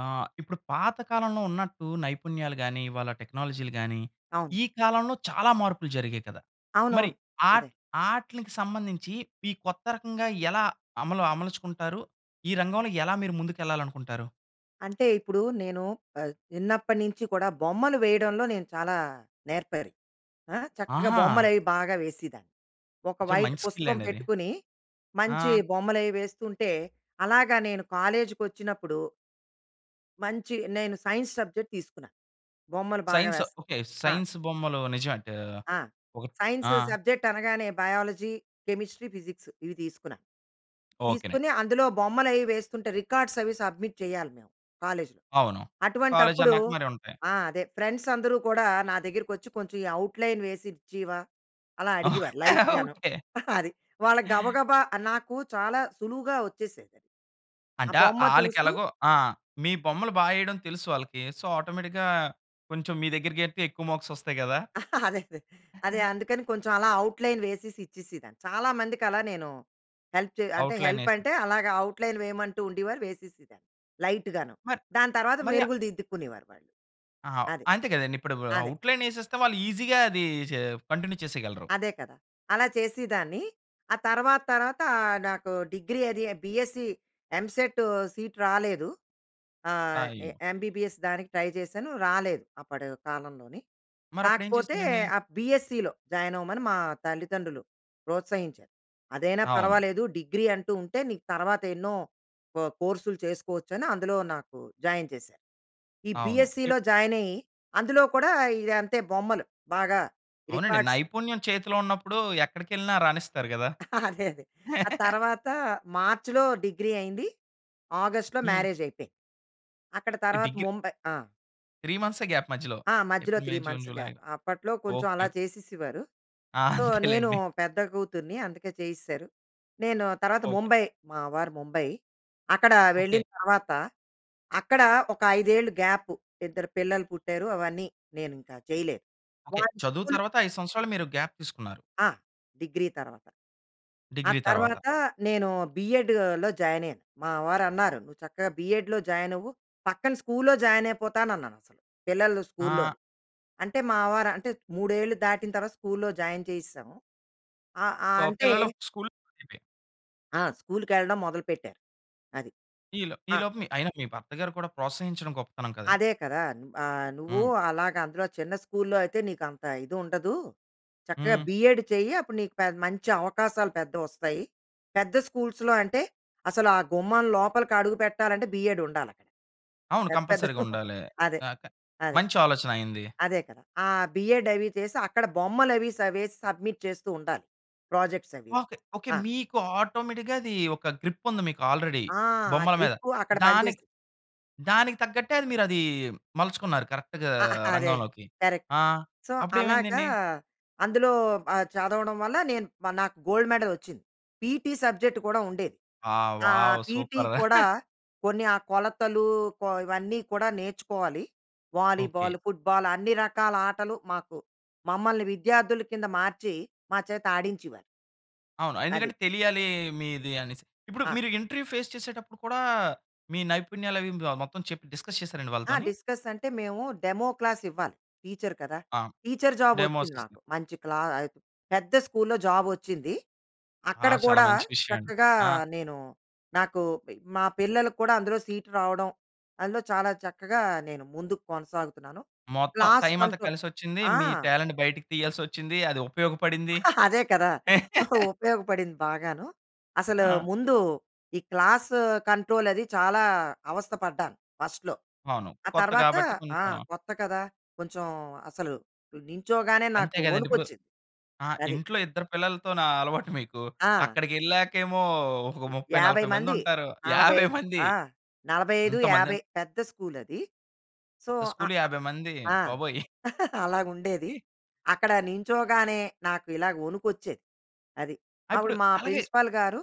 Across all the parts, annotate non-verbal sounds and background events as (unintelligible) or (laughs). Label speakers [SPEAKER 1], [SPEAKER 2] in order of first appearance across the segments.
[SPEAKER 1] ఆ! ఇప్పుడు పాత కాలంలో ఉన్నట్టు నైపుణ్యాలు గాని, ఇవాళ టెక్నాలజీలు గాని
[SPEAKER 2] అవును.
[SPEAKER 1] ఈ కాలంలో చాలా మార్పులు జరిగాయి కదా! మరి
[SPEAKER 2] అవునవును. అదే.
[SPEAKER 1] ఆట్ ఆట్లినికి సంబంధించి ఈ కొత్త రకంగా ఎలా అమలు అమలుచుకుంటారు? ఈ రంగంలో ఎలా మీరు ముందుకెళ్ళాలి అనుకుంటారు?
[SPEAKER 2] అంటే, ఇప్పుడు నేను ఆహ్, చిన్నప్పటి నుంచి కూడా బొమ్మలు వేయడంలో నేను చాలా నేర్పరి. ఆహ్, చక్కగా
[SPEAKER 1] ఆహా!
[SPEAKER 2] బొమ్మలు అవి బాగా వేసిదాన్ని. ఒక
[SPEAKER 1] అచ్చా!
[SPEAKER 2] వైట్
[SPEAKER 1] మంచి స్కిల్
[SPEAKER 2] పుస్తకం
[SPEAKER 1] అండి అది.
[SPEAKER 2] పెట్టుకొని, మంచి
[SPEAKER 1] ఆ!
[SPEAKER 2] బొమ్మలు అవి వేస్తుంటే, అలాగా నేను కాలేజ్‌కి వచ్చినప్పుడు... మంచి నేను సైన్స్ సబ్జెక్ట్ తీసుకున్నా. బొమ్మలు బాగా
[SPEAKER 1] సైన్స్
[SPEAKER 2] వేస్
[SPEAKER 1] ఓకే.
[SPEAKER 2] ఆ!
[SPEAKER 1] సైన్స్ బొమ్మలు నిజం అంటే ఆహ్,
[SPEAKER 2] ఆ!
[SPEAKER 1] ఒక
[SPEAKER 2] సైన్స్
[SPEAKER 1] ఆ!
[SPEAKER 2] సబ్జెక్ట్ అనగానే బయాలజీ, కెమిస్ట్రీ, ఫిజిక్స్ ఇవి తీసుకున్నా.
[SPEAKER 1] ఓకేనండి.
[SPEAKER 2] తీసుకొని, అందులో బొమ్మలు అయి వేస్తుంటే రికార్డ్స్ అవి సబ్మిట్ చేయాలి మేము కాలేజ్‌లో.
[SPEAKER 1] అవును.
[SPEAKER 2] అటువంటి
[SPEAKER 1] కాలేజ్
[SPEAKER 2] అప్పుడు
[SPEAKER 1] అన్నాక మరి ఉంటాయి.
[SPEAKER 2] ఆ! అదే. ఫ్రెండ్స్ అందరూ కూడా నా దగ్గరకకొచ్చి, "కొంచెం అవుట్‌లైన్ వేసిచ్చివా" అలా అడిగేవారు
[SPEAKER 1] (laughs)
[SPEAKER 2] లైట్ గాను.
[SPEAKER 1] ఓకే.
[SPEAKER 2] (chuckles) అది. వాళ్ళ గబగబా నాకు చాలా సులువుగా వచ్చేసేది. ఆ
[SPEAKER 1] అంటే
[SPEAKER 2] బొమ్మ
[SPEAKER 1] ఆళ్ళకి
[SPEAKER 2] చూస్తూ
[SPEAKER 1] ఎలాగో ఆ! మీ బొమ్మలు బాగా ఏయడం తెలుసు ఆళ్ళకి. సో, ఆటోమేటిక్‌గా కొంచెం మీ దగ్గరికి ఎడితే ఎక్కువ మార్క్స్ వస్తాయి గదా!
[SPEAKER 2] (chuckles) అదే, అదే. అదే
[SPEAKER 1] (chuckles)
[SPEAKER 2] అందుకని కొంచెం అలా అవుట్‌లైన్ వేసేసి ఇచ్చేసిదాన్ని. చాలా మందికి అలా నేను హెల్ప్ చే అంటే
[SPEAKER 1] అవుట్‌లైన్
[SPEAKER 2] హెల్ప్
[SPEAKER 1] ఏసి
[SPEAKER 2] అంటే అలాగ అవుట్‌లైన్ వేయమంటూ ఉండివారు వేసేసేదాన్ని. లైట్ గాను.
[SPEAKER 1] మరి
[SPEAKER 2] దాని తర్వాత
[SPEAKER 1] మరియా
[SPEAKER 2] మెరుగులు దిద్దుకునేవారు వాళ్ళు.
[SPEAKER 1] ఆ!
[SPEAKER 2] అది.
[SPEAKER 1] అంతే కదండీ ఇప్పుడు
[SPEAKER 2] అదే.
[SPEAKER 1] అవుట్‌లైన్ ఏసేస్తే వాళ్ళు ఈజిగా అదీ చే కంటిన్యూ చేసేయగలరు.
[SPEAKER 2] అదే కదా. అలా చేసిదాన్ని, ఆ తర్వాత తర్వాత నాకు డిగ్రీ అది బీఎస్సీ, ఎంసెట్ సీట్ రాలేదు. ఆహ్,
[SPEAKER 1] అయ్యో!
[SPEAKER 2] ఎంబీబీఎస్ దానికి ట్రై చేశాను, రాలేదు అప్పటి కాలంలోనే.
[SPEAKER 1] మరి అప్పుడు ఏం
[SPEAKER 2] కాకపోతే,
[SPEAKER 1] చేసారండి?
[SPEAKER 2] ఆ బీఎస్సీలో జాయిన్ అవ్వమని మా తల్లిదండ్రులు ప్రోత్సహించారు. అదైనా
[SPEAKER 1] అవును.
[SPEAKER 2] పర్వాలేదు, డిగ్రీ అంటూ ఉంటే, నీకు తర్వాత ఎన్నో కొ కోర్సులు చేసుకోవచ్చని అందులో నాకు జాయిన్ చేసారు. ఈ
[SPEAKER 1] అవును. ఇ
[SPEAKER 2] బీఎస్సీ‌లో జాయినయ్యి అందులో కూడా ఇంతే బొమ్మలు, బాగా
[SPEAKER 1] అవునండి.
[SPEAKER 2] రికార్డ్స్.
[SPEAKER 1] నైపుణ్యం చేతిలో ఉన్నప్పుడు ఎక్కడికెళ్ళినా రాణిస్తారు గదా!
[SPEAKER 2] (chuckles) అదే అదే. ఆ
[SPEAKER 1] (laughs)
[SPEAKER 2] తరువాత మార్చ్‌లో డిగ్రీ అయింది. ఆగస్ట్‌లో
[SPEAKER 1] హ్మ్.
[SPEAKER 2] మ్యారేజ్ అయిపోయింది. అక్కడ తర్వాత
[SPEAKER 1] డిగిర్
[SPEAKER 2] ముంబై ఆ!
[SPEAKER 1] 3 మంత్సే గ్యాప్, మధ్యలో
[SPEAKER 2] ఆ! మధ్యలో
[SPEAKER 1] April,
[SPEAKER 2] 3
[SPEAKER 1] May, June,
[SPEAKER 2] months
[SPEAKER 1] July.
[SPEAKER 2] Gap. అప్పట్లో కొంచెం అలా
[SPEAKER 1] ఓకె.
[SPEAKER 2] చేసేసేవారు.
[SPEAKER 1] ఆ!
[SPEAKER 2] సో,
[SPEAKER 1] (giggles)
[SPEAKER 2] నేను
[SPEAKER 1] అంతేలెండి.
[SPEAKER 2] పెద్ద కూతుర్ని అందుకే చేసేసారు. నేను తర్వాత
[SPEAKER 1] ఓకె.
[SPEAKER 2] ముంబై. మా వారు ముంబై. అక్కడ
[SPEAKER 1] ఓకె.
[SPEAKER 2] వెళ్ళిన తర్వాత, అక్కడ ఒక 5 ఏళ్ళు గ్యాప్ ఇద్దరు పిల్లలు పుట్టారు. అవన్నీ, నేను ఇంకా చేయలేదు.
[SPEAKER 1] ఓకె.
[SPEAKER 2] వాళ్ళు
[SPEAKER 1] చదువు
[SPEAKER 2] స్కూల్
[SPEAKER 1] తర్వాత, 5 సంవత్సరాలు మీరు గ్యాప్ తీసుకున్నారు.
[SPEAKER 2] ఆ! డిగ్రీ తర్వాత. ఆ
[SPEAKER 1] డిగ్రీ తర్వాత.
[SPEAKER 2] తర్వాత నేను బిఎడ్‌లో జాయిన్ అయ్యాను. మా వారు అన్నారు, "నువ్వు చక్కగా బిఎడ్‌‌లో జాయిన్ అవ్వు." పక్కన స్కూల్‌లో జాయిన్ అయిపోతాను అన్నాను అసలు. పిల్లలు
[SPEAKER 1] ఆ!
[SPEAKER 2] స్కూల్‌లోని. అంటే, మా వారు అంటే 3 ఏళ్ళు దాటిన తర్వాత స్కూల్‌లో జాయిన్ చేయిసాము. అ అ
[SPEAKER 1] ప
[SPEAKER 2] అంటే
[SPEAKER 1] పిల్లలు స్కూల్‌ (unintelligible)
[SPEAKER 2] ఆ! స్కూల్‌కెళ్ళడం మొదలు పెట్టారు. అది.
[SPEAKER 1] ఈలో ఈ
[SPEAKER 2] ఆ
[SPEAKER 1] లోపు అయినా, మీ భర్తగారు కూడా ప్రోత్సహించడం గొప్పతనం కదండి!
[SPEAKER 2] అదే కదా! ఆహ్, నువ్వు
[SPEAKER 1] హ్మ్.
[SPEAKER 2] అలాగా అందులో చిన్న స్కూల్‌లో అయితే, నీకు అంత ఇది ఉండదు. చక్కగా
[SPEAKER 1] హ్మ్.
[SPEAKER 2] బి‌ఎడ్ చెయ్యి, అప్పుడు నీకు పె మంచి అవకాశాలు పెద్ద‌వి వస్తాయి. పెద్ద స్కూల్స్‌లో అంటే, అసలు ఆ గుమ్మం లోపలికి అడుగు పెట్టాలంటే, బిఎడ్ ఉండాలి అక్కడ.
[SPEAKER 1] అవును,
[SPEAKER 2] పెద్ద, పెద్ద
[SPEAKER 1] కంపల్సరీ‌గా
[SPEAKER 2] (giggles)
[SPEAKER 1] ఉండాలి.
[SPEAKER 2] అదే,
[SPEAKER 1] గాక
[SPEAKER 2] అదే.
[SPEAKER 1] మంచి ఆలోచన ఆయనది.
[SPEAKER 2] అదే కదా! ఆ బిఎడ్ అవి చేసి, అక్కడ బొమ్మలు అవి సా వేసి, సబ్మిట్ చేస్తూ ఉండాలి. ప్రొజెక్ట్స్ అవిను.
[SPEAKER 1] ఓకె. ఓకె.
[SPEAKER 2] ఆ!
[SPEAKER 1] మీకు ఆటోమేటిక్‌గా అది, ఒక గ్రిప్ ఉంది, మీకు ఆల్రెడీ.
[SPEAKER 2] ఆ! ఆ
[SPEAKER 1] బొమ్మల మీద.
[SPEAKER 2] గ్రిపు అక్కడ పని చేస్
[SPEAKER 1] దానికి, దానికి తగ్గట్టే మీరు అది మలుచుకున్నారు కరెక్ట్‌గా
[SPEAKER 2] ఆ (giggles) అదే
[SPEAKER 1] రంగంలోకి.
[SPEAKER 2] కరెక్ట్.
[SPEAKER 1] ఆ!
[SPEAKER 2] సో,
[SPEAKER 1] అప్పుడు
[SPEAKER 2] అలాగా
[SPEAKER 1] ఏమైందండి?
[SPEAKER 2] అందులో ఆహ్, చదవడం వల్ల నేను నాకు గోల్డ్ మెడల్ వచ్చింది. పీటీ సబ్జెక్ట్ కూడా ఉండేది.
[SPEAKER 1] వావ్!
[SPEAKER 2] ఆహ్,
[SPEAKER 1] వావ్!
[SPEAKER 2] PT
[SPEAKER 1] super.
[SPEAKER 2] కూడా
[SPEAKER 1] (chuckles)
[SPEAKER 2] కొన్ని ఆ కొలతలు, కొ ఇవన్నీ కూడా నేర్చుకోవాలి. Volleyball,
[SPEAKER 1] okay.
[SPEAKER 2] ఫూట్‌బాల్ అన్ని రకాల ఆటలు మాకు, మమ్మల్ని విద్యార్థుల కింద మార్చి, మా చేత ఆడించేవారు.
[SPEAKER 1] అవును.
[SPEAKER 2] అది.
[SPEAKER 1] ఎందుకంటే, తెలియాలి మీది అనేసి. ఇప్పుడు
[SPEAKER 2] ఆ!
[SPEAKER 1] మీరు ఇంటర్వ్యూ ఫేస్ చేసేటప్పుడు కూడా, మీ నైపుణ్యాలు అవి మ మొత్తం చెప్పి డిస్కస్ చేసారండి
[SPEAKER 2] ఆ!
[SPEAKER 1] వాళ్ళతోని?
[SPEAKER 2] డిస్కస్ అంటే మేము డెమో క్లాస్ ఇవ్వాలి టీచర్ కదా!
[SPEAKER 1] ఆ!
[SPEAKER 2] టీచర్ జాబ్
[SPEAKER 1] డెమోస్
[SPEAKER 2] వచ్చింది నాకు. మంచి క్లా ఆహ్, పెద్ద స్కూల్‌లో జాబ్ వచ్చింది.
[SPEAKER 1] ఆ!
[SPEAKER 2] అక్కడ
[SPEAKER 1] చాలా
[SPEAKER 2] కూడా
[SPEAKER 1] మంచి విషయం అండి.
[SPEAKER 2] చక్కగా
[SPEAKER 1] ఆ!
[SPEAKER 2] నేను నాకు పి మా పిల్లలకు కూడా అందులో సీట్ రావడం. అందులో చాలా చక్కగా నేను ముందుకు కొనసాగుతున్నాను.
[SPEAKER 1] మొత్తం
[SPEAKER 2] క్లాస్
[SPEAKER 1] టైమ్ అంతా
[SPEAKER 2] కంట్రోల్
[SPEAKER 1] కలిసొచ్చింది,
[SPEAKER 2] ఆ!
[SPEAKER 1] మీ టాలెంట్ బయటికి తీయాల్సి వచ్చింది, అది ఉపయోగపడింది.
[SPEAKER 2] (chuckles) అదే కదా! (giggles)
[SPEAKER 1] (laughs)
[SPEAKER 2] ఉపయోగపడింది బాగాను. అసలు
[SPEAKER 1] ఆ!
[SPEAKER 2] ముందు ఈ క్లాస్ కంట్రోల్ అది చాలా అవస్థ పడ్డాను ఫస్ట్‌లో.
[SPEAKER 1] అవును.
[SPEAKER 2] ఆ
[SPEAKER 1] కొత్త
[SPEAKER 2] తర్వాత
[SPEAKER 1] కాబట్టి
[SPEAKER 2] ఆ!
[SPEAKER 1] కొంచెం
[SPEAKER 2] కొత్త కదా! కొంచెం అసలు నిన్చోగానే, నాకు
[SPEAKER 1] అంతే గదండి!
[SPEAKER 2] వణుకు
[SPEAKER 1] ఇప్పుడు
[SPEAKER 2] వచ్చింది.
[SPEAKER 1] ఆ!
[SPEAKER 2] అది.
[SPEAKER 1] ఇంట్లో ఇద్దరు పిల్లలతోనా అలవాటు (chuckles) మీకు.
[SPEAKER 2] ఆ!
[SPEAKER 1] అక్కడికెళ్ళాకేమో ఒక ముప్పై
[SPEAKER 2] 50
[SPEAKER 1] నలభై మంది
[SPEAKER 2] మంది.
[SPEAKER 1] ఉంటారు.
[SPEAKER 2] నలభై
[SPEAKER 1] 50 (chuckles) మంది.
[SPEAKER 2] ఆ! 45, 50
[SPEAKER 1] అంతమందెన్
[SPEAKER 2] పెద్ద స్కూల్ అది. సో, అఅ
[SPEAKER 1] స్కూల్‌‌లో 50 మంది.
[SPEAKER 2] ఆ!
[SPEAKER 1] బాబోయ్! (chuckles)
[SPEAKER 2] (chuckles) అలాగుండేది. అక్కడ నిన్చోగానే నాకు ఇలాగ వణుకు వచ్చేది. అది.
[SPEAKER 1] ఆ!
[SPEAKER 2] అప్పుడు
[SPEAKER 1] ఇప్పుడు
[SPEAKER 2] మా
[SPEAKER 1] అలాగే
[SPEAKER 2] ప్రిన్సిపల్ గారు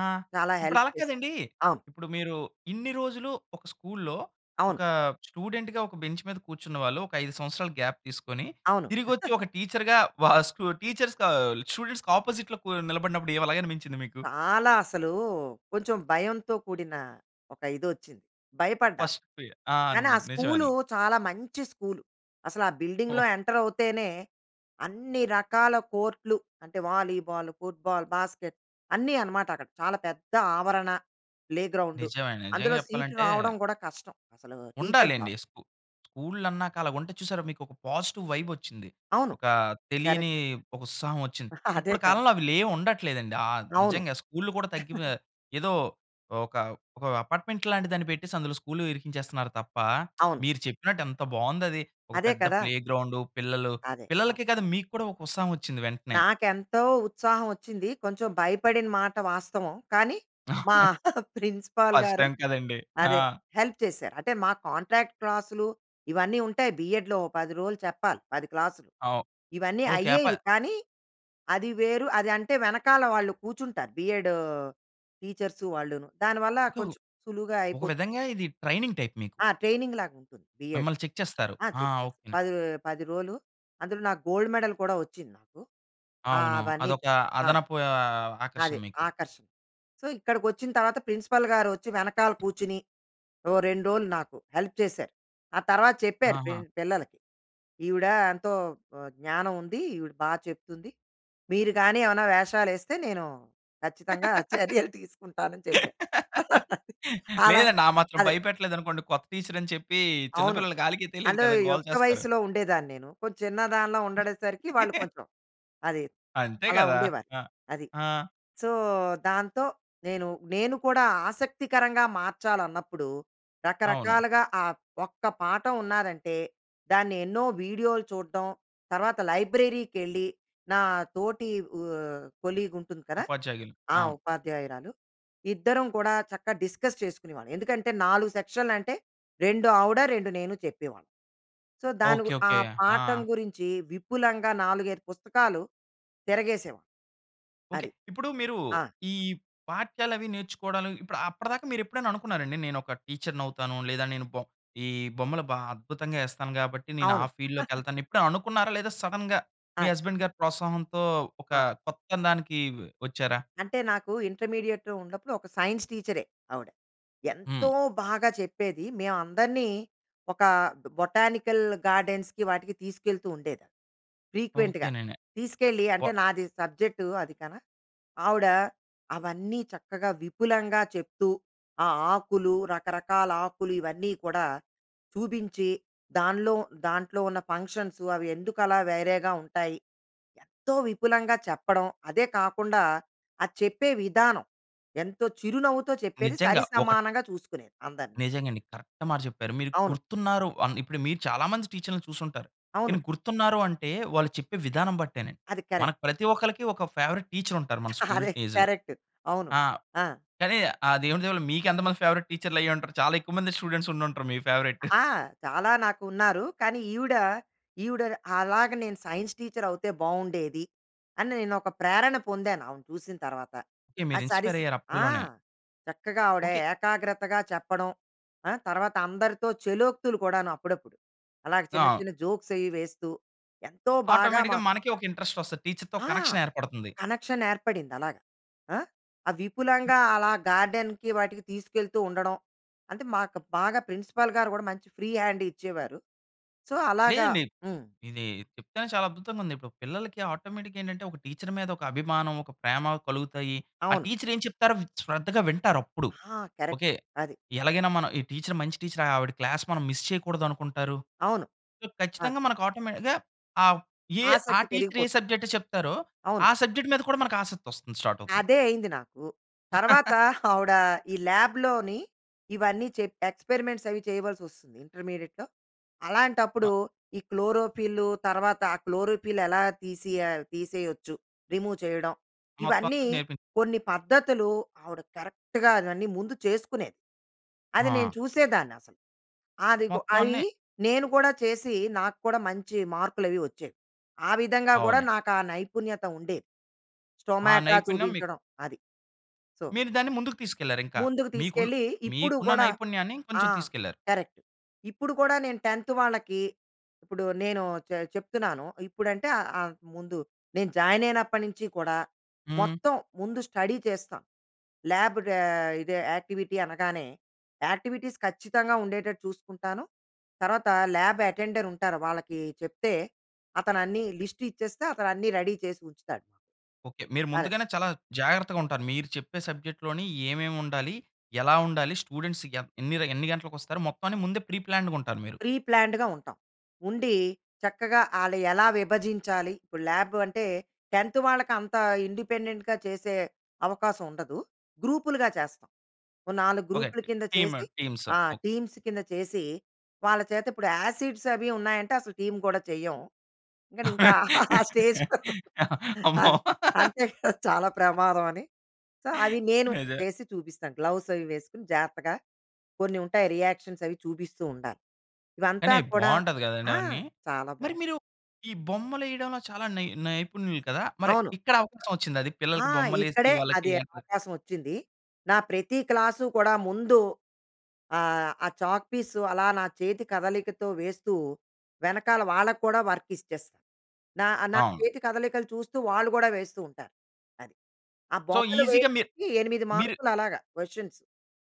[SPEAKER 1] ఆ!
[SPEAKER 2] చాలా
[SPEAKER 1] ఇప్పుడు
[SPEAKER 2] హెల్ప్
[SPEAKER 1] అలా
[SPEAKER 2] చేసారు.
[SPEAKER 1] కాదండి.
[SPEAKER 2] అవును.
[SPEAKER 1] ఇప్పుడు మీరు ఇన్ని రోజులు ఒక స్కూల్‌లో
[SPEAKER 2] అవును.
[SPEAKER 1] ఒక స్టూడెంట్‌గా ఒక బెంచ్ మీద కూర్చున్న వాళ్ళు. ఒక 5 సంవత్సరాలు గ్యాప్ తీసుకొని,
[SPEAKER 2] అవును.
[SPEAKER 1] తిరిగోచ్చి
[SPEAKER 2] (giggles)
[SPEAKER 1] ఒక టీచర్‌గా వా స్కో (chuckles) టీచర్స్‌కా స్టూడెంట్స్‌కి అపోజిట్‌లో కు నిలబడినప్పుడు ఏం ఎలాగ అనిపించింది మీకు?
[SPEAKER 2] చాలా అసలు, కొంచెం భయంతో కూడిన ఒక ఇదోచ్చింది, భయపడ్డాను.
[SPEAKER 1] ఫస్ట్ ప్ర ఆ!
[SPEAKER 2] కానీ ఆ స్కూలు
[SPEAKER 1] నిజమేనండి.
[SPEAKER 2] చాలా మంచి స్కూలు. అసలు ఆ
[SPEAKER 1] ఓహ్!
[SPEAKER 2] బిల్డింగ్‌లో ఎంటర్ అవుతేనే అన్ని రకాల కోర్ట్‌లు అంటే వాలీబాల్, ఫుట్‌బాల్, బాస్కెట్ అన్ని అనమాట అక్కడ చాలా పెద్ద ఆవరణ. ప్లేగ్రౌండ్
[SPEAKER 1] నిజమే అండి. నిజంగా
[SPEAKER 2] అందులో సీటు
[SPEAKER 1] జెప్పాలంటే
[SPEAKER 2] రావడం గూడా కష్టం. అసలు టీచర్ జాబ్.
[SPEAKER 1] ఉండాలండి. స్కు స్కూల్ అన్నాక అలా ఉంటే చూసారా! మీకు ఒక పాజిటివ్ వైబ్ వచ్చింది.
[SPEAKER 2] అవును
[SPEAKER 1] ఒక తెలియని
[SPEAKER 2] కరెక్ట్.
[SPEAKER 1] ఒక ఉత్సాహం వచ్చింది.
[SPEAKER 2] (giggles) అదే
[SPEAKER 1] ఇప్పుడు
[SPEAKER 2] కదా!
[SPEAKER 1] కాలంలో అవి లేవు ఉండట్లేదండి. ఆహ్,
[SPEAKER 2] అవును.
[SPEAKER 1] నిజంగా స్కూల్‌లు కూడా తగ్గిపో
[SPEAKER 2] (giggles)
[SPEAKER 1] ఏదో ఒక ఒక అపార్ట్మెంట్ లాంటి దాన్ని పెట్టేసి, అందులో స్కూల్‌లు ఇరికించేస్తున్నారు తప్ప. (smacks lips)
[SPEAKER 2] అవును.
[SPEAKER 1] మీరు చెప్పినట్టు, ఎంత బాగుందది. ఒక
[SPEAKER 2] అదే
[SPEAKER 1] పెద్ద
[SPEAKER 2] కదా!
[SPEAKER 1] ప్లేగ్రౌండ్ పిల్లలు.
[SPEAKER 2] అదే. అవును.
[SPEAKER 1] పిల్లలకే కాదు, మీకు కూడా ఒక ఉత్సాహం వచ్చింది వెంటనే.
[SPEAKER 2] నాకేంతో ఉత్సాహం వచ్చింది. కొంచెం భయపడిన మాట వాస్తవం. కానీ మా (giggles)
[SPEAKER 1] (chuckles)
[SPEAKER 2] ప్రిన్సిపల్
[SPEAKER 1] ఫస్ట్
[SPEAKER 2] గారు
[SPEAKER 1] టైమ్ కదండి. ఆ!
[SPEAKER 2] అదే హెల్ప్ చేసారు. అంటే మా కాంట్రాక్ట్ క్లాస్‌లు ఇవన్నీ ఉంటాయి బీఎడ్‌లో ఓ 10 రోజులు చెప్పాలి. 10 క్లాస్‌లు.
[SPEAKER 1] అవు
[SPEAKER 2] ఇవన్నీ
[SPEAKER 1] ఓకే. అప
[SPEAKER 2] అయ్యేవి కానీ, అది వేరు అది అంటే వెనకాల వాళ్ళు కూర్చుంటారు బీఎడ్‌ టీచర్స్ వాళ్ళును దాని వల్ల కొంచెం సులువుగా
[SPEAKER 1] ఒక
[SPEAKER 2] అయిపోతు
[SPEAKER 1] విధంగా ఇది ట్రైనింగ్ టైప్ మీకు.
[SPEAKER 2] ఆ! ట్రైనింగ్ లాగా ఉంటుంది బిఎడ్.
[SPEAKER 1] మిమ్మల్ని చెక్ చేస్తారు.
[SPEAKER 2] ఆ!
[SPEAKER 1] ఆ!
[SPEAKER 2] చెక్ చేస్తా.
[SPEAKER 1] ఓకే.
[SPEAKER 2] పది 10 రోలు, అందులో నాకు గోల్డ్ మెడల్ కూడా వచ్చింది నాకు. ఆ!
[SPEAKER 1] అవును.
[SPEAKER 2] అవన్నీ
[SPEAKER 1] అదొక
[SPEAKER 2] ఆ!
[SPEAKER 1] అదనపు ఆహ్, ఆకర్షణ
[SPEAKER 2] అది
[SPEAKER 1] మీకు.
[SPEAKER 2] ఆకర్షణ సో, ఇక్కడికి వచ్చిన తర్వాత ప్రిన్సిపల్ గారు వచ్చి వెనకాల కూర్చొని. ఓ 2 రోజులు నాకు హెల్ప్ చేసారు. ఆ తర్వాత చెప్పారు ప్రిన్
[SPEAKER 1] ఆహా!
[SPEAKER 2] పిల్లలకి. ఈవిడ ఎంతో ఆహ్, జ్ఞానం ఉంది. ఈవిడ బాగా చెప్తుంది. మీరు గాని ఏమన్నా వేషాలు యేస్తే నేను ఖచ్చితంగా! చర్యలు తీసుకుంటానని చెప్పాను.
[SPEAKER 1] (laughs)
[SPEAKER 2] అలా
[SPEAKER 1] లేదండి. ఆ మాత్రం
[SPEAKER 2] అదే.
[SPEAKER 1] భయపెట్టలేదు అనుకోండి. కొత్త టీచర్ అని చెప్పి
[SPEAKER 2] అవును.
[SPEAKER 1] చిన్నపిల్లలు ఆలికి తెలియదు
[SPEAKER 2] అండ్
[SPEAKER 1] కదా!
[SPEAKER 2] ఈ
[SPEAKER 1] గోల
[SPEAKER 2] యుక్త
[SPEAKER 1] చేస్తారు.
[SPEAKER 2] వయస్సులో ఉండేదాన్ని నేను. కొంచం చిన్న దానిలా ఉండే సరికి వాళ్ళు
[SPEAKER 1] (chuckles)
[SPEAKER 2] కొంచెం అది
[SPEAKER 1] అంతే
[SPEAKER 2] అలా
[SPEAKER 1] కదా!
[SPEAKER 2] ఉండేవారు.
[SPEAKER 1] ఆ!
[SPEAKER 2] అది.
[SPEAKER 1] ఆ!
[SPEAKER 2] సో, దాంతో నేను నేను కూడా ఆసక్తికరంగా మార్చాలన్నప్పుడు
[SPEAKER 1] అవును.
[SPEAKER 2] రకరకాలుగా ఆహ్, ఒక్క పాఠం ఉన్నాదంటే, దాన్ని ఎన్నో వీడియోలు చూడ్టం. తర్వాత లైబ్రరీకెళ్ళి నా తోటి ఆహ్, కొలీగ్ ఉంటుంది కదా!
[SPEAKER 1] ఉపాధ్యాయులు.
[SPEAKER 2] ఆ!
[SPEAKER 1] అవును.
[SPEAKER 2] ఉపాధ్యాయురాలు ఇద్దరం కూడా చక్కగా డిస్కస్ చేసుకునేవాళ్ళం. ఎందుకంటే, 4 సెక్షన్‌లు అంటే 2 ఆవుడ, 2 నేను చెప్పేవాళ్ళం. సో, దాని గు
[SPEAKER 1] ఓకే,
[SPEAKER 2] ఆ
[SPEAKER 1] ఓకే.
[SPEAKER 2] పాఠం
[SPEAKER 1] ఆ!
[SPEAKER 2] గురించి విపులంగా 4, 5 పుస్తకాలు తిరగేసేవాళ్ళం.
[SPEAKER 1] ఓకే.
[SPEAKER 2] అది.
[SPEAKER 1] ఇప్పుడు మీరు
[SPEAKER 2] ఆ!
[SPEAKER 1] ఈ పాఠ్యాలు అవి నేర్చుకోడలు ఇప్పుడు అప్పటిదాకా మీరు ఎప్పుడైనా అనుకున్నారండి, "నేను ఒక టీచర్‌నౌతాను లేదా నేను బో ఈ బొమ్మలు బా అద్భుతంగా ఎస్తాను కాబట్టి నేను ఆ
[SPEAKER 2] అవును.
[SPEAKER 1] ఫీల్డ్‌లోకి
[SPEAKER 2] (giggles)
[SPEAKER 1] ఎళ్తాను" ఎప్పుడైనా అనుకున్నారా? లేదా సడెన్‌గా మీ
[SPEAKER 2] అది.
[SPEAKER 1] హస్బేండ్ గారి ప్రోత్సాహంతో, ఒక
[SPEAKER 2] ఆ!
[SPEAKER 1] కొత్త దాన్కి వచ్చారా?
[SPEAKER 2] అంటే నాకు ఇంటర్మీడియేట్‌లో ఉన్నప్పుడు ఒక సైన్స్ టీచరే ఆవిడ. ఎంతో
[SPEAKER 1] హ్మ్.
[SPEAKER 2] బాగా చెప్పేది మేమందరినీ ఒక బొటానికల్ గార్డెన్స్‌కి వాటికి తీసుకెళ్తూ ఉండేది ఫ్రీక్వెంట్‌గా.
[SPEAKER 1] ఓకేనండి.
[SPEAKER 2] తీసుకెళ్ళి, అంటే
[SPEAKER 1] వా
[SPEAKER 2] నాది సబ్జెక్ట్ అది కదా! ఆవిడ అవన్నీ చక్కగా, విపులంగా చెప్తూ, ఆ ఆకులు, రకరకాల ఆకులు ఇవన్నీ కూడా చూపించి, దానిలో దాంట్లో ఉన్న ఫంక్షన్స్ అవి ఎందుకు అలా వేరేగా ఉంటాయి. ఎంతో విపులంగా చెప్పడం అదే కాకుండా ఆ చెప్పే విధానం ఎంతో చిరునవ్వుతో చెప్పేది
[SPEAKER 1] నిజంగా. ఒకట్
[SPEAKER 2] సరిసమానంగా చూసుకునేది అందరిని.
[SPEAKER 1] నిజంగా అండి. కరెక్ట్ మాట చెప్పారు. మీరు
[SPEAKER 2] అవును.
[SPEAKER 1] గుర్తు ఉన్నారు అన్ ఇప్పుడు మీరు చాలా మంచి టీచర్‌లని చూసుంటారు.
[SPEAKER 2] అవును.
[SPEAKER 1] కానీ గుర్తున్నారు అంటే, వాళ్ళు చెప్పే విధానం బట్టేనండి.
[SPEAKER 2] అది కరెక్ట్.
[SPEAKER 1] మనకు ప్రతి ఒక్కలకి ఒక ఫేవరెట్ టీచర్ ఉంటారు. మన
[SPEAKER 2] (giggles)
[SPEAKER 1] స్కూల్
[SPEAKER 2] అదే
[SPEAKER 1] డేస్‌లో.
[SPEAKER 2] కరెక్ట్. అవును.
[SPEAKER 1] ఆ!
[SPEAKER 2] ఆ!
[SPEAKER 1] కానీ, ఆ దేవుని దయ వల్ల మీకు ఎంతమంది ఫేవరెట్ టీచర్‌లు అయ్యి ఉంటారు. చాలా ఎక్కువ మందే స్టూడెంట్స్ ఉండుంటారు మీ ఫేవరెట్. (giggles)
[SPEAKER 2] ఆ! చాలా నాకు ఉన్నారు. కానీ ఈవిడ, ఈవిడ అలాగా నేను సైన్స్ టీచర్ అవుతే బాగుండేది, అని నేను ఒక ప్రేరణ పొందాను, ఆమెను చూసిన తర్వాత.
[SPEAKER 1] ఓకే.
[SPEAKER 2] ఆ
[SPEAKER 1] మీరు
[SPEAKER 2] సరి
[SPEAKER 1] ఇన్స్‌పైర్ అయ్యారు
[SPEAKER 2] ఆ!
[SPEAKER 1] అప్పడ్లోనే.
[SPEAKER 2] చక్కగా ఆవిడ
[SPEAKER 1] ఓకే.
[SPEAKER 2] ఏకాగ్రతగా చెప్పడం. ఆ! తర్వాత అందరితో చలోక్తులు కూడాను, అప్పుడప్పుడు. అలాగ చిన్న
[SPEAKER 1] ఆ!
[SPEAKER 2] చిన్న జోక్స్ అవి వేస్తూ, ఎంతో బాగా
[SPEAKER 1] ఆటోమేటిక్‌గా
[SPEAKER 2] మాకు
[SPEAKER 1] మనకే ఒక ఇంటరెస్ట్ వస్తది. టీచర్‌తో
[SPEAKER 2] ఆ!
[SPEAKER 1] కనెక్షన్ ఏర్పడుతుంది.
[SPEAKER 2] కనెక్షన్ ఏర్పడింది అలాగా. ఆ! ఆ విపులంగా అలా గార్డెన్‌కి వాటికి తీసుకెళ్తూ ఉండడం. అంటే మాకు బాగా ప్రిన్సిపల్ గారు గూడా మంచి ఫ్రీ హ్యాండ్ ఇచ్చేవారు. సో, అలాగా
[SPEAKER 1] లేదండి.
[SPEAKER 2] హ్మ్.
[SPEAKER 1] ఇది చెప్తేనే చాలా అద్భుతంగా ఉంది. ఇప్పుడు పిల్లలకి ఆటోమేటిక్‌గా ఏంటంటే, ఒక టీచర్ మీద ఒక అభిమానం, ఒక ప్రేమ కలుగుతాయి. ఆ
[SPEAKER 2] అవును.
[SPEAKER 1] టీచర్ ఏం చెప్తారో వి శ్రద్ధగా వింటారు అప్పుడు.
[SPEAKER 2] ఆ! Correct
[SPEAKER 1] okay.
[SPEAKER 2] అది.
[SPEAKER 1] "ఎలాగైనా మనం ఈ టీచర్ మంచి టీచర్ ఆవిడ క్లాస్ మనం మిస్ చేయకూడదు" అనుకుంటారు.
[SPEAKER 2] అవును. ఆ!
[SPEAKER 1] ఖచ్చితంగా మనకు ఆటోమేటిక్‌గా ఆహ్, ఎ ఆ
[SPEAKER 2] ఆసక్తి
[SPEAKER 1] టీచర్ ఏ
[SPEAKER 2] పెరిగిపోతుంది.
[SPEAKER 1] సబ్జెక్టే చెప్తారో,
[SPEAKER 2] అవును.
[SPEAKER 1] ఆ సబ్జెక్ట్ మీద కూడా మనకు ఆసక్తి వస్తుంది. స్టార్ట్ అవుతుంది.
[SPEAKER 2] అదే అయింది నాకు. తర్వాత
[SPEAKER 1] (chuckles)
[SPEAKER 2] ఆవిడ (chuckles) ఈ ల్యాబ్‌లోని ఇవన్నీ చెప్పాక ఎక్స్పెరిమెంట్స్ అవి చేయవలసి వస్తుంది ఇంటర్మీడియేట్‌లో.
[SPEAKER 1] అ
[SPEAKER 2] అలాంటప్పుడు ఈ క్లోరోఫిల్ తర్వాత ఆ క్లోరోఫిల్ ఎలా తీసియాల్ తీసేయోచ్చు రిమూవ్ చేయడం.
[SPEAKER 1] మొత్తం అంతా
[SPEAKER 2] ఇవన్నీ
[SPEAKER 1] నేర్పిం
[SPEAKER 2] కొన్ని పద్ధతులు ఆవిడ కరెక్ట్‌గా అవన్నీ ముందు చేసుకునేది. అది నేను
[SPEAKER 1] ఆ!
[SPEAKER 2] చూసేదాన్ని అసలు. అది కు
[SPEAKER 1] మొత్తం
[SPEAKER 2] అది
[SPEAKER 1] అన్నీ
[SPEAKER 2] నేను కూడా చేసి, నాకు కూడా మంచి మార్కులు అవి వచ్చేవి. ఆ విధంగా గూడా
[SPEAKER 1] అవునండి.
[SPEAKER 2] నాకు ఆ నైపుణ్యత ఉండేది.
[SPEAKER 1] ఆ
[SPEAKER 2] స్టోమాట
[SPEAKER 1] నైపుణ్యం మీకు
[SPEAKER 2] చూపించడం అది. సో
[SPEAKER 1] మీరు దాన్ని ముందుకు తీసుకెళ్లారు ఇంకా.
[SPEAKER 2] ముందుకు
[SPEAKER 1] మీకు ఉన్
[SPEAKER 2] తీసుకెళ్ళి ఇప్పుడు
[SPEAKER 1] మీకు ఉన్న
[SPEAKER 2] గూడా
[SPEAKER 1] నైపుణ్యాన్ని
[SPEAKER 2] ఆ!
[SPEAKER 1] కొంచెం తీసుకెళ్లారు.
[SPEAKER 2] కరెక్ట్. ఇప్పుడు కూడా నేను 10థ్ వాళ్ళకి. ఇప్పుడు నేను చె చెప్తున్నాను. ఇప్పుడంటే ఆహ్, ముందు నేను జాయిన్ అయినప్పటి నుంచి కూడా,
[SPEAKER 1] హ్మ్.
[SPEAKER 2] మొత్తం ముందు స్టడీ చేస్తాను. ల్యాబ్ ర ఇది యాక్టివిటీ అనగానే యాక్టివిటీస్ ఖచ్చితంగా! ఉండేటట్టు చూసుకుంటాను. తర్వాత ల్యాబ్ అటెండర్ ఉంటారు. వాళ్ళకి చెప్తే అతను అన్ని లిస్ట్ ఇచ్చేస్తే, అతను అన్ని రెడీ చేసి ఉంచుతాడు.
[SPEAKER 1] ఓకే. మీరు
[SPEAKER 2] అదే.
[SPEAKER 1] ముందుగానే చాలా జాగ్రత్తగా ఉంటారు. మీరు చెప్పే సబ్జెక్ట్‌లోని ఏమేమి ఉండాలి, ఎలా ఉండాలి. స్టూడెంట్స్ ఎంత్ ఎన్నిర ఎన్ని గంటలకొస్తారు మొత్తాన్ని, ముందే ప్రీప్లాన్డ్‌గా ఉంటారు మీరు.
[SPEAKER 2] ప్రీ ప్లాన్డ్‌గా ఉంటాం. ఉండి, చక్కగా ఆళ్ళు ఎలా విభజించాలి. ఇప్పుడు ల్యాబ్ అంటే 10థ్ వాళ్ళకి అంత ఇండిపెండెంట్‌గా చేసే అవకాశం ఉండదు. గ్రూప్‌లుగా చేస్తాం. ఓ 4
[SPEAKER 1] ఓకే.
[SPEAKER 2] గ్రూప్‌ల కింద
[SPEAKER 1] టీం,
[SPEAKER 2] చేసి
[SPEAKER 1] టీమ్స్
[SPEAKER 2] ఆ!
[SPEAKER 1] ఓకే.
[SPEAKER 2] టీమ్స్ కింద చేసి వాళ్ళ చేత ఇప్పుడు యాసిడ్స్ అవి ఉన్నాయంటే, అసలు టీమ్ కూడా చెయ్యం. కానీ ఇంకా ఆ స్టేజ్
[SPEAKER 1] అమ్మో!
[SPEAKER 2] అదే అంతే చాలా ప్రమాదం అని. సో, అవి నేను
[SPEAKER 1] నిజే
[SPEAKER 2] చేసి చూపిస్తాను. గ్లోవ్స్ అవి వేసుకొని జాగ్రత్తగా కొన్ని ఉంటాయి రియాక్షన్స్ అవి చూపిస్తూ ఉండాలి. ఇవంతా
[SPEAKER 1] కానీ
[SPEAKER 2] కూడా
[SPEAKER 1] బాగుంటది గదండి!
[SPEAKER 2] ఆ!
[SPEAKER 1] అవన్నీ.
[SPEAKER 2] చాలా
[SPEAKER 1] మరి
[SPEAKER 2] బాగుంటుంది.
[SPEAKER 1] మీరు ఈ బొమ్మలేయడంలో చాలా నై నైపుణ్యులు కదా! మరి
[SPEAKER 2] అవును.
[SPEAKER 1] ఇక్కడ అవకాశం వచ్చిందా, అది
[SPEAKER 2] ఆ!
[SPEAKER 1] పిల్లలకి బొమ్మలు
[SPEAKER 2] ఇక్కడే
[SPEAKER 1] యేసి
[SPEAKER 2] అది
[SPEAKER 1] వాళ్ళకి (unintelligible)
[SPEAKER 2] అవకాశం వచ్చింది. నా ప్రతి క్లాసు కూడా, ముందు ఆహ్, ఆ చాక్ పీసు అలా నా చేతి కదలికతో వేస్తూ, వెనకాల వాళ్ళకి కూడా వర్క్ ఇచ్చేస్తా. నా నా
[SPEAKER 1] అవును.
[SPEAKER 2] చేతి కదలికలు చూస్తూ, వాళ్ళు గూడా వేస్తూ ఉంటారు. అది. ఆ
[SPEAKER 1] సో,
[SPEAKER 2] బొమ్మలు
[SPEAKER 1] ఈసీగా మీరు,
[SPEAKER 2] వేయడానికి 8
[SPEAKER 1] మీరు
[SPEAKER 2] మార్కులు అలాగా క్వెషన్స్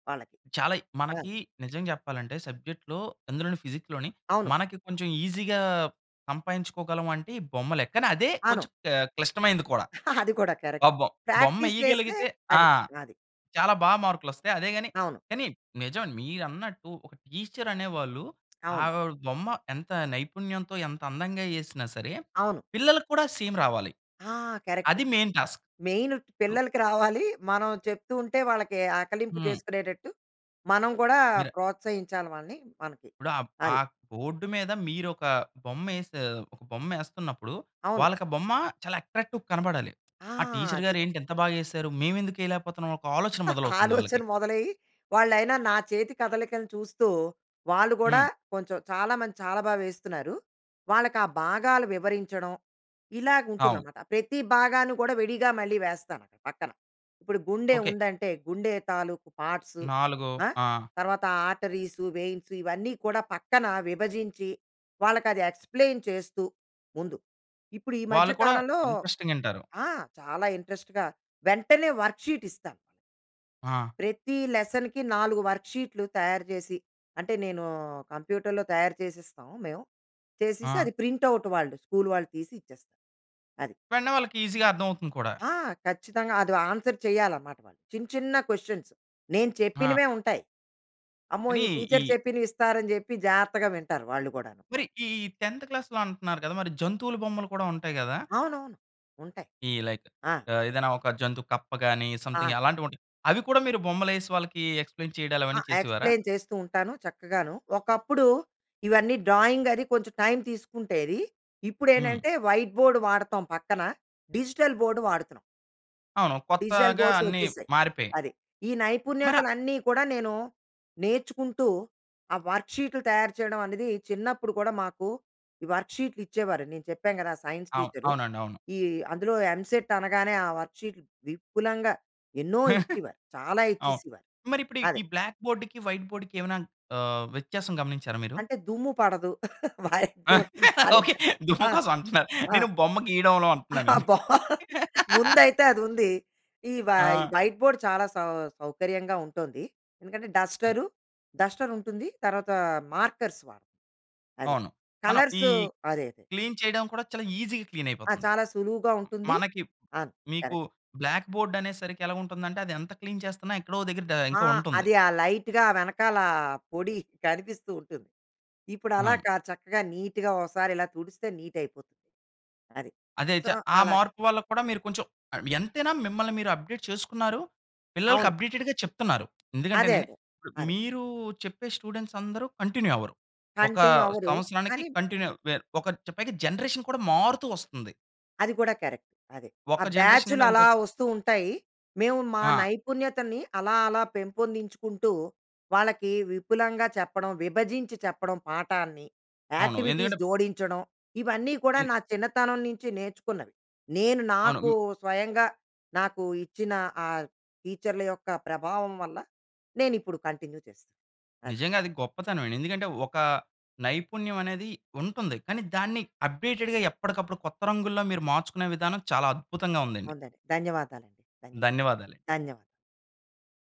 [SPEAKER 2] వాళ్ళకి
[SPEAKER 1] చాలాయి
[SPEAKER 2] ఆ!
[SPEAKER 1] మనకి నిజం జెప్పాలంటే సబ్జెక్ట్‌లో, అందులోని ఫిజిక్‌లోని
[SPEAKER 2] అవును.
[SPEAKER 1] మనకి కొంచెం ఈసీగా సంపాదించుకోగలం అంటే బొమ్మలే. కానీ అదే
[SPEAKER 2] అవును.
[SPEAKER 1] కొంచెం ఆహ్, క్లిష్టమైంది కూడా.
[SPEAKER 2] (giggles) అది కూడా
[SPEAKER 1] ఆ
[SPEAKER 2] కరెక్టే
[SPEAKER 1] బొ బొమ్మ
[SPEAKER 2] ప్రాక్టీస్ చేస్తే
[SPEAKER 1] యేయగలిగితే ఆ!
[SPEAKER 2] అది. అది.
[SPEAKER 1] చాలా బా మార్కులు వస్తాయి. అదే గాని
[SPEAKER 2] అవును.
[SPEAKER 1] కానీ నిజమే మీరన్నట్టు ఒక టీచర్ అనేవాళ్ళు. ఆ
[SPEAKER 2] అవును.
[SPEAKER 1] బొమ్మ ఎంత నైపుణ్యంతో, ఎంత అందంగా ఏసినా సరే,
[SPEAKER 2] అవును.
[SPEAKER 1] పిల్లలకు కూడా సేమ్ రావాలి.
[SPEAKER 2] ఆ! కరెక్ట్
[SPEAKER 1] అది మెయిన్ టాస్క్.
[SPEAKER 2] మెయిన్ పిల్లలకి రావాలి. మనం చెప్తూ ఉంటే, వాళ్ళకి ఆకలింపు
[SPEAKER 1] హ్మ్.
[SPEAKER 2] చేసుకునేటట్టు మనం గూడా
[SPEAKER 1] మీర
[SPEAKER 2] ప్రోత్సహించాలి వాళ్ళని మనకి
[SPEAKER 1] ఇప్పుడు ఆహ్, ఆ
[SPEAKER 2] అది.
[SPEAKER 1] బోర్డ్ మీద మీరోక బొమ్మ యేసి ఒక బొమ్మ వేస్తున్నప్పుడు
[SPEAKER 2] అవును.
[SPEAKER 1] వాళ్ళక బొమ్మ చాలా అట్రాక్టివ్‌గా కనపడాలి.
[SPEAKER 2] ఆ!
[SPEAKER 1] "ఆ! టీచర్
[SPEAKER 2] అది.
[SPEAKER 1] గారు ఏంటి ఇంత బాగా యేసారు. మేము ఎందుకు యేయలేకపోతున్నాం" ఒక ఆలోచన
[SPEAKER 2] (giggles)
[SPEAKER 1] మొదలవుతుంది
[SPEAKER 2] ఆలోచన
[SPEAKER 1] వాళ్ళకి.
[SPEAKER 2] మొదలయ్యి వాళ్ళైనా నా చేతి కదలికలు చూస్తూ, వాళ్ళు గూడా
[SPEAKER 1] హ్మ్.
[SPEAKER 2] కొంచెం చాలా మంది చాలా బాగా వేస్తున్నారు. వాళ్ళకి ఆ భాగాలు వివరించడం. ఇలాగా ఉంటుంది
[SPEAKER 1] అవును.
[SPEAKER 2] అనమాట. ప్రతి భాగాన్ని కూడా విడిగా మళ్ళీ వేస్తాను, పక్కన. ఇప్పుడు
[SPEAKER 1] ఓకే.
[SPEAKER 2] గుండెవుందంటే, గుండె తాలూకు పార్ట్స్
[SPEAKER 1] నాలుగో
[SPEAKER 2] ఆ!
[SPEAKER 1] ఆ!
[SPEAKER 2] తర్వాత ఆర్టరీస్, వేయిన్స్ ఇవన్నీ కూడా, పక్కన విభజించి, వాళ్ళకి అది ఎక్స్‌ప్లెయిన్ చేస్తూ ముందు. ఇప్పుడు ఈ మధ్య
[SPEAKER 1] వాళ్ళు కూడా
[SPEAKER 2] కాలంలో
[SPEAKER 1] ఇంట్రెస్టింగ్ ఇంటారు.
[SPEAKER 2] ఆ! చాలా ఇంట్రెస్ట్‌గా వెంటనే వర్క్ షీట్ ఇస్తా...
[SPEAKER 1] ఆ!
[SPEAKER 2] ప్రతి లెసన్‌కి 4 వర్క్ షీట్‌లు తయారు జేసి. అంటే నేను కంప్యూటర్‌లో తయారు చేసిస్తాం, మేము. చేసిస్తే
[SPEAKER 1] ఆ!
[SPEAKER 2] అది ప్రింట్ అవుట్ వాళ్ళు స్కూల్ వాళ్ళు తీసి ఇచ్చేస్తారు. అది.
[SPEAKER 1] వెంటనే వాళ్ళకి ఈసీగా అర్థం అవుతుంది కూడా.
[SPEAKER 2] ఆ! ఖచ్చితంగా అది ఆన్సర్ చేయాలనమాట. చిన్న, చిన్న క్వెషన్స్. నేను
[SPEAKER 1] ఆ!
[SPEAKER 2] చెప్పినవే ఉంటాయి. "అమ్మో!
[SPEAKER 1] కానీ
[SPEAKER 2] ఈ టీచర్
[SPEAKER 1] ఈ
[SPEAKER 2] చెప్పిన్వి ఇస్తారని" జెప్పి జాగ్రత్తగా వింటారు వాళ్ళు గూడాను.
[SPEAKER 1] మరి ఈ ఈ 10థ్ క్లాస్‌లో అంటున్నారు కదా! మరి జంతువుల బొమ్మలు కూడా ఉంటాయి గదా...
[SPEAKER 2] అవును. ఉంటాయి.
[SPEAKER 1] ఈ లైక్
[SPEAKER 2] ఆ!
[SPEAKER 1] ఆహ్, ఏదైనా ఒక జంతు కప్ప కాని, సంథింగ్
[SPEAKER 2] ఆ!
[SPEAKER 1] అలాంటివి ఉంటాయి. అవి కూడా మీరు బొమ్మలు యేసి, వాళ్ళకి ఎక్స్‌ప్లెయిన్ చేయడాలు
[SPEAKER 2] ఆ!
[SPEAKER 1] అవన్నీ చేసేవారా?
[SPEAKER 2] ఎక్స్‌ప్లెయిన్ చేస్తూ ఉంటాను చక్కగాను. ఒకప్పుడు ఇవన్నీ డ్రాయింగ్ అది కొంచెం టైమ్ తీసుకుంటేది. ఇప్పుడు
[SPEAKER 1] హ్మ్.
[SPEAKER 2] ఏంటంటే, వైట్ బోర్డ్ వాడతాం పక్కన డిజిటల్ బోర్డ్ వాడుతున్నాం.
[SPEAKER 1] అవును.
[SPEAKER 2] డిజిటల్
[SPEAKER 1] కొత్తగా
[SPEAKER 2] బోర్డ్స్
[SPEAKER 1] అన్నీ
[SPEAKER 2] వచ్చేసాయి.
[SPEAKER 1] మారిపోయాయి.
[SPEAKER 2] అది. ఈ
[SPEAKER 1] మర
[SPEAKER 2] నైపుణ్యతలు అన్నీ కూడా నేను నేర్చుకుంటూ ఆ వర్క్ షీట్‌లు తయారు చేయడం అనేది చిన్నప్పుడు కూడా మాకు ఈ వర్క్ షీట్‌లు ఇచ్చేవారు నేను చెప్పాను కదా సైన్స్
[SPEAKER 1] అవును.
[SPEAKER 2] టీచర్.
[SPEAKER 1] అవునండి అవును.
[SPEAKER 2] ఈ అందులో ఎంసెట్ అనగానే ఆ వర్క్ షీట్ విపులంగా ఎన్నో
[SPEAKER 1] (chuckles)
[SPEAKER 2] ఇచ్చేవారు చాలా
[SPEAKER 1] అవును.
[SPEAKER 2] ఇచ్చేసేవారు.
[SPEAKER 1] మరి ఇప్పుడు
[SPEAKER 2] అదే.
[SPEAKER 1] ఈ బ్లాక్ బోర్డ్‌కి వైట్ బోర్డ్‌కి ఏమైనా ఆహ్, వ్యత్యాసం గమనించారా మీరు?
[SPEAKER 2] అంటే దుమ్ము పడదు. White board
[SPEAKER 1] okay.
[SPEAKER 2] (unintelligible)
[SPEAKER 1] దుమ్ము
[SPEAKER 2] ఆ!
[SPEAKER 1] కోసం అంటున్నారు.
[SPEAKER 2] ఆ!
[SPEAKER 1] నేను బొమ్మ గీయడంలో అంటున్నాను నేను.
[SPEAKER 2] బాగుంది. ముందైతే అది ఉంది ఈ వై
[SPEAKER 1] ఆ!
[SPEAKER 2] వైట్ బోర్డ్ చాలా సౌ సౌకర్యంగా ఉంటుంది. ఎందుకంటే
[SPEAKER 1] హ్మ్.
[SPEAKER 2] డస్టర్ డస్టర్ ఉంటుంది తర్వాత మార్కర్స్ వాడుతాం. అది.
[SPEAKER 1] అవును. మనం
[SPEAKER 2] కలర్స్
[SPEAKER 1] ఈ
[SPEAKER 2] అదే అదే.
[SPEAKER 1] క్లీన్ చేయడం కూడా చాలా ఈజీ‌గా క్లీన్
[SPEAKER 2] ఆ!
[SPEAKER 1] అయిపోతుంది.
[SPEAKER 2] చాలా సులువుగా ఉంటుంది.
[SPEAKER 1] మనకి
[SPEAKER 2] ఆ!
[SPEAKER 1] మీకు
[SPEAKER 2] కరెక్ట్.
[SPEAKER 1] బ్లాక్‌బోర్డ్ అనేసరికి ఎలా ఉంటుందంటే అది ఎంత క్లీన్ చేస్తున్నా ఎక్కడో ఒక దగ్గర ద
[SPEAKER 2] ఆ!
[SPEAKER 1] ఇంకా ఉంటుంది.
[SPEAKER 2] అది ఆ లైట్‌గా వెనకాల పొడి కనిపిస్తూ ఉంటుంది. ఇప్పుడు అలా
[SPEAKER 1] అవును.
[SPEAKER 2] చక్కగా నీట్‌గా ఒకసారి ఇలా తుడిస్తే నీట్ అయిపోతుంది. అది.
[SPEAKER 1] అదే చ
[SPEAKER 2] సో,
[SPEAKER 1] ఆ
[SPEAKER 2] అలా
[SPEAKER 1] మార్పు వల్ల కూడా మీరు కొంచెం ఆహ్ ఎంతైనా మిమ్మల్ని మీరు అప్డేట్ చేసుకున్నారు. పిల్లలకి
[SPEAKER 2] అవును.
[SPEAKER 1] అప్డేటెడ్‌గా చెప్తున్నారు.
[SPEAKER 2] అదే
[SPEAKER 1] ఎందుకంటేనండి
[SPEAKER 2] అదే. అదే.
[SPEAKER 1] మీరు చెప్పే స్టూడెంట్స్ అందరూ కంటిన్యూ అవ్వరు. ఒక ఆ!
[SPEAKER 2] కంటిన్యూ అవ్వదు.
[SPEAKER 1] సంవత్సరానికి
[SPEAKER 2] కానీ
[SPEAKER 1] కంటిన్యూ ఒక పైగ జనరేషన్ కూడా మారుతూ వస్తుంది.
[SPEAKER 2] అది కూడా కరెక్ట్ అదే. ఆ
[SPEAKER 1] ఒక్క జనరేషన్
[SPEAKER 2] బ్యాచ్‌లు
[SPEAKER 1] నుండి
[SPEAKER 2] అలా
[SPEAKER 1] ఇంకో
[SPEAKER 2] వస్తూ ఉంటాయి. మేము మా
[SPEAKER 1] ఆ!
[SPEAKER 2] నైపుణ్యతని అలా అలా పెంపొందించుకుంటూ వాళ్ళకి విపులంగా చెప్పడం, విభజించి చెప్పడం పాఠాన్ని
[SPEAKER 1] అవును
[SPEAKER 2] యాక్టివిటీస్
[SPEAKER 1] ఎందుకంటే
[SPEAKER 2] జోడించడం, ఇవన్నీ కూడా
[SPEAKER 1] ఇన్
[SPEAKER 2] నా చిన్నతనం నుంచి నేర్చుకున్నవి. నేను
[SPEAKER 1] అవును.
[SPEAKER 2] నాకు
[SPEAKER 1] హ్మ్.
[SPEAKER 2] స్వయంగా నాకు ఇచ్చిన ఆ టీచర్ల యొక్క ప్రభావం వల్ల నేను ఇప్పుడు కంటిన్యూ చేస్తున్నాను. అది.
[SPEAKER 1] నిజంగా అది గొప్పతనమే. ఎందుకంటే ఒక నైపుణ్యం అనేది ఉంటుంది. కానీ దాన్ని అప్డేటెడ్‌గా ఎప్పటికప్పుడు కొత్త రంగు‌‌ల్లో మీరు మార్చుకునే విధానం చాలా అద్భుతంగా ఉందండి.
[SPEAKER 2] ఉందండి. ధన్యవాదాలండి. ధన్యవాదాలు
[SPEAKER 1] ధన్యవాదాలు.
[SPEAKER 2] ధన్యవాదాలు.